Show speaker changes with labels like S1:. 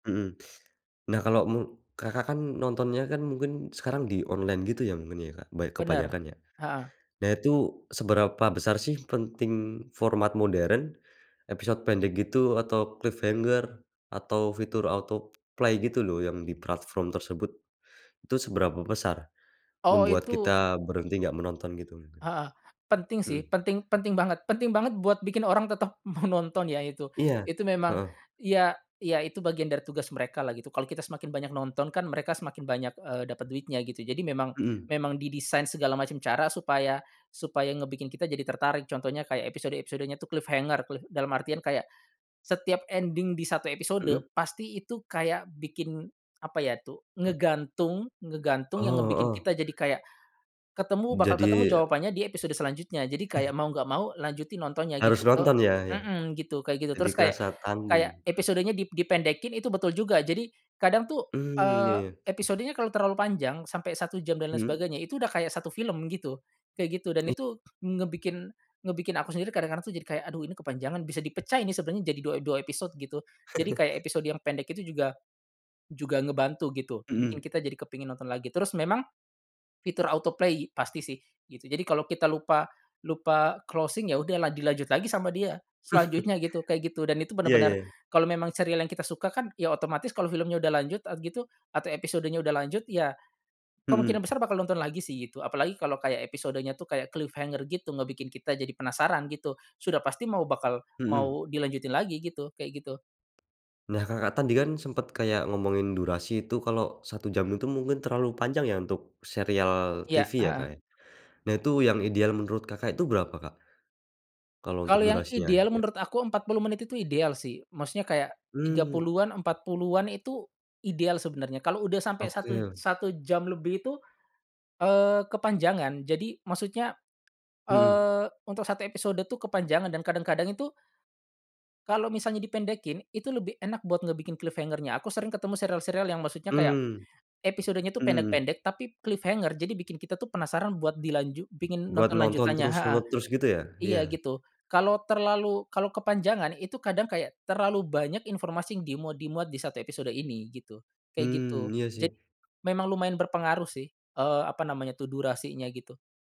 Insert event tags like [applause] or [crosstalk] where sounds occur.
S1: Mhm, nah, kalau me Kakak kan nontonnya kan mungkin sekarang di online gitu ya namanya, Kak, ban
S2: Benar,
S1: kebanyakan ya.
S2: heeh.
S1: Nah itu seberapa besar sih penting format modern, episode pendek gitu atau cliffhanger, atau fitur autoplay gitu loh yang di platform tersebut? Itu seberapa besar,
S2: Oh
S1: membuat
S2: itu
S1: kita berhenti nggak menonton gitu mungkin?
S2: Heeh, penting sih
S1: Mhm.
S2: penting penting banget penting banget buat bikin orang tetap mau nonton ya itu
S1: Iya,
S2: itu memang
S1: heeh.
S2: ya ya itu bagian dari tugas mereka lah gitu kalau kita semakin banyak nonton kan mereka semakin banyak, eee, dapat duitnya gitu jadi memang
S1: Mhm.
S2: memang didesain segala macam cara supaya supaya ngebikin kita jadi tertarik contohnya kayak episode-episodenya tuh cliffhanger, cliff dalam artian kayak, setiap ending di 1 episode
S1: Mhm.
S2: pasti itu kayak bikin, apa ya tuh,
S1: Ah.
S2: ngegantung ngegantung yang
S1: Oh,
S2: ngebikin
S1: heeh.
S2: kita jadi kayak, ketemu bakal ketemu
S1: Jadi
S2: jawabannya di episode selanjutnya. Jadi kayak
S1: [chuckles]
S2: mau nggak mau lanjutin nontonnya
S1: Harus
S2: gitu ke,
S1: nonton ya ya,
S2: mhm, gitu kayak gitu
S1: jadi
S2: terus kayak
S1: kerasa
S2: kayak
S1: tanggung.
S2: episodenya di dipendekin itu, betul juga. Jadi, kadang tuh,
S1: Mmm, ya
S2: eee,
S1: ya.
S2: episodenya kalau terlalu panjang sampai 1 jam dan lain
S1: Mhm.
S2: sebagainya itu udah kayak 1 film gitu, kayak gitu dan
S1: I
S2: itu ngebikin ngebikin aku sendiri kadang-kadang tuh jadi kayak "Aduh ini kepanjangan bisa dipecah ini sebenarnya jadi 2, 2 episode" gitu jadi kayak
S1: [chuckles]
S2: episode yang pendek itu juga, juga ngebantu gitu bikin
S1: Mhm.
S2: kita jadi kepingin nonton lagi. Terus memang, fitur autoplay pasti sih gitu. Jadi kalau kita lupa lupa closing ya udah la dilanjut lagi sama dia
S1: [chuckles]
S2: selanjutnya gitu kayak gitu dan itu
S1: Iya
S2: benar-benar,
S1: iya.
S2: kalau memang serial yang kita suka kan ya otomatis kalau filmnya udah lanjut at gitu atau episodenya udah lanjut ya, kemungkinan
S1: Mhm.
S2: besar bakal nonton lagi sih itu apalagi kalau kayak episodenya tuh kayak cliffhanger gitu ngebikin kita jadi penasaran gitu sudah pasti mau bakal
S1: Mhm.
S2: mau dilanjutin lagi gitu kayak gitu.
S1: Nah Kakak tadi kan sempat kayak ngomongin durasi itu kalau 1 jam itu mungkin terlalu panjang ya untuk serial
S2: Iya,
S1: TV ya, Kak,
S2: heeh.
S1: ya, nah itu yang ideal menurut Kakak itu berapa, Kak? Kalau untuk
S2: Kalau yang
S1: durasinya
S2: ideal
S1: iya.
S2: menurut aku 40 menit itu ideal sih maksudnya kayak, tiga
S1: Mmm.
S2: puluhan, 40-an itu, ideal sebenarnya kalau udah sampai satu
S1: Oke.
S2: satu jam lebih itu, eee, kepanjangan. Jadi maksudnya,
S1: Mhm.
S2: eee, untuk 1 episode tuh kepanjangan dan kadang-kadang itu kalau misalnya dipendekin itu lebih enak buat ngebikin cliffhanger-nya, aku sering ketemu serial-serial yang maksudnya kayak,
S1: Mmm,
S2: episodenya tuh
S1: mhm mhm.
S2: pendek-pendek tapi cliffhanger jadi bikin kita tuh penasaran buat dilanjut pingin
S1: Buat
S2: nonton
S1: nonton
S2: lanjutannya
S1: terus
S2: heeh,
S1: nonton terus gitu ya?
S2: iya
S1: Iya.
S2: gitu. Kalau terlalu kalau kepanjangan itu kadang kayak terlalu banyak informasi yang dimuat dimuat di 1 episode ini gitu, kayak
S1: Mmm,
S2: gitu.
S1: iya
S2: Jadi,
S1: sih.
S2: memang lumayan berpengaruh sih, eee, apa namanya tuh durasinya gitu.